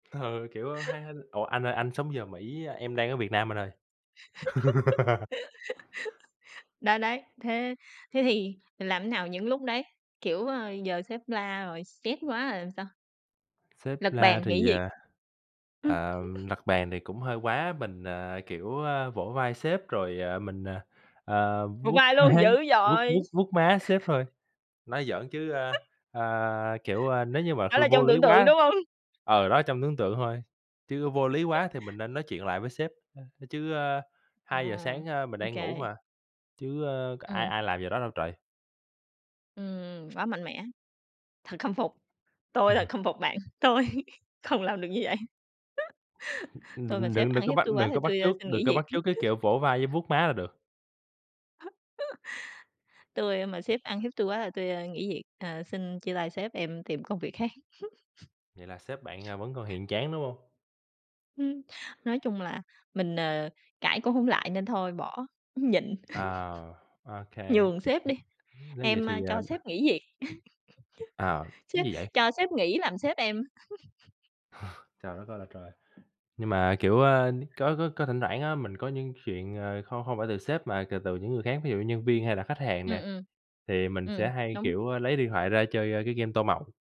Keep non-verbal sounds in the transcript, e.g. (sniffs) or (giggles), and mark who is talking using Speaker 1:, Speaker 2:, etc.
Speaker 1: Ừ, kiểu, ha hay ủa, anh ơi anh sống giờ Mỹ, em đang ở Việt Nam anh ơi. (laughs)
Speaker 2: (giggles) Đấy, đấy, thế thế thì làm nào những lúc đấy? Kiểu, ờ, giờ sếp la rồi stress quá rồi làm sao?
Speaker 1: Sếp
Speaker 2: Lật
Speaker 1: la
Speaker 2: bàn
Speaker 1: thì,
Speaker 2: nghỉ việc?
Speaker 1: à,
Speaker 2: Ừm.
Speaker 1: ờ,
Speaker 2: (chuckles)
Speaker 1: đập bàn thì cũng hơi quá, mình, à, kiểu, ơ, vỗ vai sếp rồi, ờ, mình, ờ, ờ,
Speaker 2: Vỗ
Speaker 1: vuốt
Speaker 2: vai
Speaker 1: má,
Speaker 2: luôn! Dữ
Speaker 1: vuốt
Speaker 2: dội!
Speaker 1: vuốt
Speaker 2: (chuckles)
Speaker 1: vuốt má sếp thôi. Nói giỡn chứ, ơ,
Speaker 2: (chuckles)
Speaker 1: ờ, kiểu, wo, nếu như mà kh
Speaker 2: Đó là
Speaker 1: vô
Speaker 2: trong
Speaker 1: lý
Speaker 2: tưởng tượng,
Speaker 1: quá
Speaker 2: đúng hông? (chuckles)
Speaker 1: ừ, đó, trong tưởng tượng thôi, chứ vô lý
Speaker 2: (chuckles)
Speaker 1: quá thì mình nên nói chuyện lại với sếp. Chứ, ơ, 2:00
Speaker 2: Ừm,
Speaker 1: sáng, a, mình
Speaker 2: ô
Speaker 1: đang ngủ
Speaker 2: kê.
Speaker 1: mà, chứ, ơ, c ai
Speaker 2: Ừm.
Speaker 1: ai làm giờ đó đâu trời.
Speaker 2: Ừm, quá mạnh mẽ. Thật khâm phục, tôi thật khâm phục
Speaker 1: (chuckles)
Speaker 2: bạn, tôi không làm được như vậy.
Speaker 1: (sniffs)
Speaker 2: (chuckles) Tôi mà
Speaker 1: Đừng
Speaker 2: sếp
Speaker 1: đừng đừng
Speaker 2: ăn
Speaker 1: có
Speaker 2: hiếp
Speaker 1: bắt
Speaker 2: tui quá
Speaker 1: đừng
Speaker 2: thì
Speaker 1: có bắt
Speaker 2: tui, ơ,
Speaker 1: chước
Speaker 2: xin
Speaker 1: đừng
Speaker 2: nghỉ
Speaker 1: có
Speaker 2: việc.
Speaker 1: bắt chước cái kiểu vỗ vai với
Speaker 2: (giggles)
Speaker 1: vuốt má là được.
Speaker 2: (chuckles) Tui mà sếp ăn hiếp tui quá là tui nghỉ việc, à, xin chia tay sếp em tìm công việc khác.
Speaker 1: Vậy là sếp
Speaker 2: (chuckles)
Speaker 1: bạn, à,
Speaker 2: (sniffs)
Speaker 1: vẫn còn hiền chán, đúng hông?
Speaker 2: Ừm. Nói chung là mình, ờ, cãi cũng hổng lại nên thôi bỏ, nhịn.
Speaker 1: À, ô
Speaker 2: (chuckles)
Speaker 1: kê.
Speaker 2: Nhường sếp đi,
Speaker 1: Nếu vậy
Speaker 2: em,
Speaker 1: thì,
Speaker 2: a, cho
Speaker 1: ờm
Speaker 2: sếp nghỉ việc.
Speaker 1: Ờ,
Speaker 2: (chuckles) Sếp
Speaker 1: gì vậy?
Speaker 2: cho sếp nghỉ làm sếp em. (chuckles)
Speaker 1: Trời đất ơi là trời. Nhưng mà kiểu, ơ, có có có thỉnh thoảng á, mình có những chuyện, à, không không phải từ sếp mà c từ từ những người khác, ví dụ như nhân viên hay là khách hàng
Speaker 2: Ừm,
Speaker 1: nè,
Speaker 2: ừm.
Speaker 1: thì mình
Speaker 2: Ừm,
Speaker 1: sẽ hay,
Speaker 2: đúng.
Speaker 1: kiểu, ơ, lấy điện thoại ra chơi, ơ, cái game tô màu.